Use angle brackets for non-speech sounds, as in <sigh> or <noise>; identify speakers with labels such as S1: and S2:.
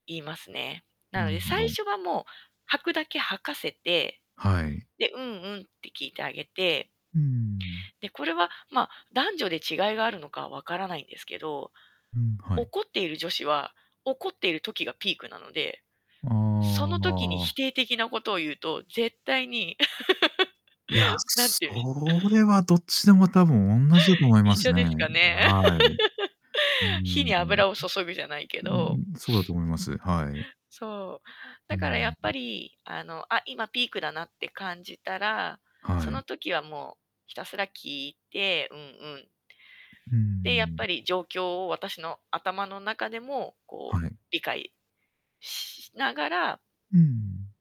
S1: 言いますね。な
S2: な
S1: の
S2: る
S1: で
S2: ほ
S1: 最
S2: ど。
S1: 初はもう、吐くだけ吐かせて、
S2: はい。
S1: で、うんうんって聞いてあげて
S2: うーん。
S1: で、これは、ま、男女で違いがあるのかは分からないんですけど、
S2: うん、はい。
S1: 怒っている女子は、怒っている時がピークなので、
S2: あ
S1: その時に否
S2: あ。
S1: 定的なことを言うと、絶対に
S2: いや、
S1: <laughs> 何て言う
S2: そ
S1: んしょう。<laughs>
S2: れはどっちでも多分おんなじだと
S1: <laughs>
S2: 思いま
S1: 一
S2: す
S1: 緒
S2: ね。
S1: ですかね。
S2: あ、はい。うー
S1: <laughs> 火
S2: ん。ん。う、
S1: に油を注ぐじゃないけ
S2: うー
S1: ど。
S2: ん、そうだと思います。はい。
S1: そう。
S2: う
S1: だ
S2: ー
S1: からやっぱ
S2: ん。
S1: り、あの、あ、今ピークだなって感じたら、そ
S2: はい。
S1: の時は、もう、ひたすら聞いて、うんうん。
S2: うー
S1: で、やっ
S2: ん。
S1: ぱり状況を私の頭の中でも、こ
S2: は
S1: う、
S2: い。
S1: 理解しながら
S2: うん。